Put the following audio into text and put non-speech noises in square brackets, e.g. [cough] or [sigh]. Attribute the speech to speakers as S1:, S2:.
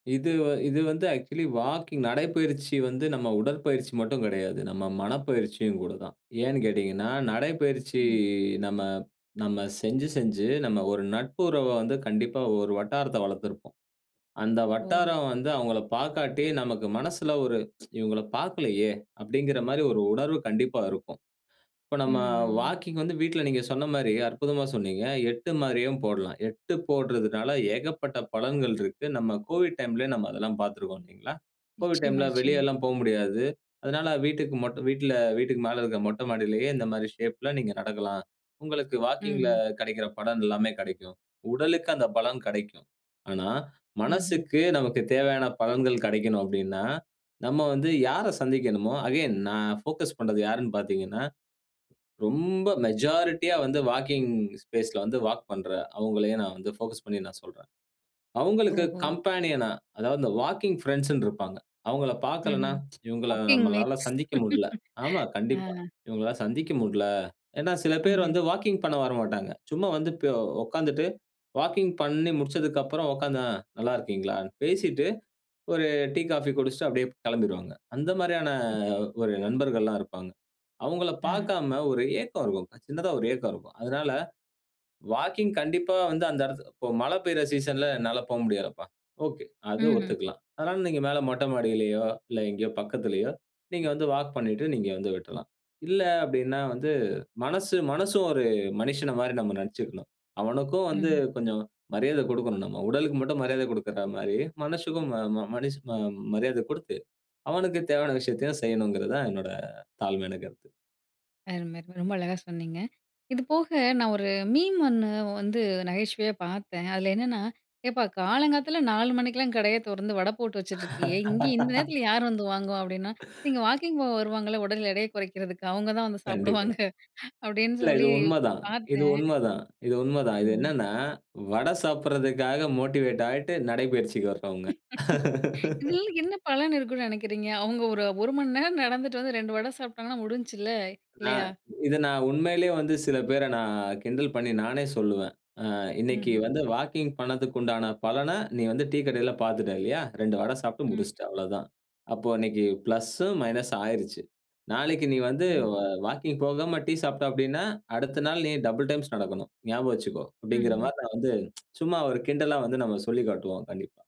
S1: இது வ இது வந்து ஆக்சுவலி வாக்கிங் நடைப்பயிற்சி வந்து நம்ம உடற்பயிற்சி மட்டும் கிடையாது. நம்ம மனப்பயிற்சியும் கூட தான். ஏன்னு கேட்டீங்கன்னா, நடைப்பயிற்சி
S2: ம்ஹ்ம்.
S1: நம்ம நம்ம செஞ்சு செஞ்சு நம்ம ஒரு நட்பு உறவ வந்து கண்டிப்பா ஒரு வட்டாரத்த வளர்த்திருப்போம். அந்த
S2: ஓஹோ!
S1: வட்டாரம் வந்து அவங்கள பார்க்காட்டி [tsk] நமக்கு மனசுல ஒரு இவங்கள பார்க்கலயே அப்டிங்குற மாரி ஒரு உணர்வு கண்டிப்பா இருக்கும். இப்ப நம்ம
S2: ம்ஹ்ம்.
S1: வாக்கிங் வந்து வீட்ல நீங்க சொன்ன மாரி அற்புதமா சொன்னீங்க. 8 மாரியும் போடலாம். 8 போடுறதனால ஏகப்பட்ட பலன்கள் இருக்கு. நம்ம் கோவிட் டைம்லயே நம்ம் அதெல்லாம் பார்த்துருக்கிறோம். கோவிட்
S2: நிச்சியமா,
S1: டைம்ல
S2: நிச்சியமா.
S1: வெளியலாம் போ முடியாது. அதனால வீட்டுக்கு மட்டும் வீட்ல வீட்டுக்கு மேல இருக்க மொட்ட மாடியிலேயே இந்த மாரி ஷேப்ல நீங்க நடக்கலாம். உங்களுக்கு வாக்கிங்ல
S2: ம்ஹ்ம்.
S1: கிடைக்கிற பலன் எல்லாமே கிடைக்கும். உடலுக்கு அந்த பலன் கிடைக்கும். ஆனா
S2: ம்ஹ்ம்.
S1: மனசக்கு நமக்கு தேவையான பலன்கள் கிடைக்கணும் அப்டின்னா, நம்ம வந்து யார சந்திக்கணுமோ அகைன் நான் ஃபோகஸ் பண்றது யாருன் பார்த்தீங்கன்னா, ரொம்ப மெஜாரிட்டியா வந்து வாக்கிங் ஸ்பேஸ்ல வந்து வாக் பண்ற அவங்களயே நான் வந்து ஃபோகஸ் பண்ணி நான் சொல்றேன். அவங்களுக்கு
S2: ஓஹோ!
S1: கம்பேனியன்னா அதாவது இந்த வாக்கிங் பிரெண்ட்ஸ்ன் இருப்பாங்க. அவங்கள பார்க்கலன்னா,
S2: ம்ஹ்ம்.
S1: இவங்கள
S2: வாக்கிங்
S1: நம்மளால
S2: மேக்ஸ்
S1: சந்திக்க முடுல. ஆமா,
S2: [laughs] ஆ.
S1: கண்டிப்பா. இவங்களால சந்திக்க முடுல. ஏனா, சில பேர்
S2: ம்ஹ்ம்.
S1: வந்து வாக்கிங் பண்ண வரமாட்டாங்க. சும்மா வந்துட்டு போ உட்கார்ந்துட்டு வாக்கிங் பண்ணி முடிச்சதுக்கு அப்புறம் உட்கார்ந்தா நல்லா இருக்கிங்களான்? பேசிட்டு ஒரு டீ காஃபி குடிச்சுட்டு அப்டியே கிளம்பிருவாங்க. அந்த மாரியான
S2: ம்.
S1: அ ஒரு நண்பர்கள்லாம் இருப்பாங்க. அவங்கள
S2: ஆ,
S1: பார்க்காம ஒரு ஏக்கம் இருக்கும். சின்னதா ஒரு ஏக்கம் இருக்கும். அதனால, வாக்கிங் கண்டிப்பா வந்து அந்த இடத்து இப்போ மழை பெய்ற சீசன்ல என்னால போ முடியாதுப்பா. ஓகே, அது
S2: ம்ஹ்ம்.
S1: ஒத்துக்கலாம். அதனால நீங்க மேல மொட்ட மாடியிலயோ, இல்ல எங்கேயோ பக்கத்திலேயோ நீங்க வந்து வால்க் பண்ணிட்டு நீங்க வந்து விட்ரலாம். இல்ல அப்டின்னா, வந்து மனசு மனசும் ஒரு மனிஷன மாரி நம்ம நெனைத்துக்கணும். அவனுக்கும் வந்து
S2: ம்ஹ்ம்.
S1: கொஞ்சம் மரியாத கடுக்கணும் நம்ம. உடலுக்கு மட்டும் மரியாத குடுக்கிற மாரி மனசக்கும் ம ம மனிஷ ம மரியாத குடுத்து, அவனுக்கு தேவையான விஷயத்தையும் செய்யனுங்குறது தான் என்னோட தாழ்மையான கருத்து.
S2: அரும! ரொம்ப அழகா சொன்னீங்க. இது போக நான் ஒரு மீம் ஒண்ணு வந்து நகைச்சுவையா பார்த்தேன். அதில என்னன்னா, "ஏப்பா காலங்காத்த நாலு மணிக்கெல்லாம் கடைய திறந்து வட போட்டு வச்சுட்ருக்கியே இங்கே இந்த
S1: [laughs]
S2: நேரத்தில யார் வந்து வாங்குவா?" அப்டின்னா "நீங்க
S1: [laughs]
S2: வாக்கிங் போக வருவாங்கல்ல உடல் எடைய குறைக்கிறதுக்கு அவங்க தான் வந்து
S1: கண்டிப்பா.
S2: சாப்பிடுவாங்க." அப்டின்னு
S1: இல்ல இது
S2: சொல்லி
S1: உண்மதான் இது
S2: பார்த்தேன்.
S1: உண்மதான் இது உண்மைதான். இது
S2: ம்ஹ்ம்.
S1: என்னனா, வடை சாப்பிறதுக்காக மோட்டிவேட் ஆயிட்டு நடைபயிற்சிக்கு வரவங்க.
S2: [laughs] இதில
S1: [laughs]
S2: என்ன பலன் இருக்குனு நெனைக்கிறீங்க? அவங்க ஒரு 1 மணி நேரம் நடந்துட்டு வந்து 2 வட சாப்பிட்டாங்கன்னா முடிஞ்சிச்சுல்ல
S1: நான்
S2: இல்லையா?
S1: இத நான் உண்மையிலயே வந்து சில பேர நான் கிண்டல் பண்ணி நானே சொல்லுவேன். ஆ இன்னைக்கு
S2: ம்ஹ்ம்.
S1: வந்து வாக்கிங் பண்ணதுக்கு உண்டான பலன நீ வந்து டீ கடையில பார்த்துட்டா இல்லையா? 2 வடை சாப்பிட்டு
S2: ம்.
S1: முடிச்சுட்ட அவ்வளதான். அப்போ இன்னைக்கு பிளஸ், மைனஸ் ஆயிருச்சு. நாளைக்கு நீ வந்து
S2: ஹ்ம்.
S1: வ வாக்கிங் போகாம டீ சாப்பிட்டா அப்டின்னா, அடுத்த நாள் நீ டபிள் டைம்ஸ் நடக்கணும். ஞாபகம் வச்சுக்கோ அப்டிங்குற
S2: ம்ஹ்ம்.
S1: மாரி நான் வந்து சும்மா ஒரு கிண்டலா வந்து நம்ம சொல்லி காட்டுவோம் கண்டிப்பா.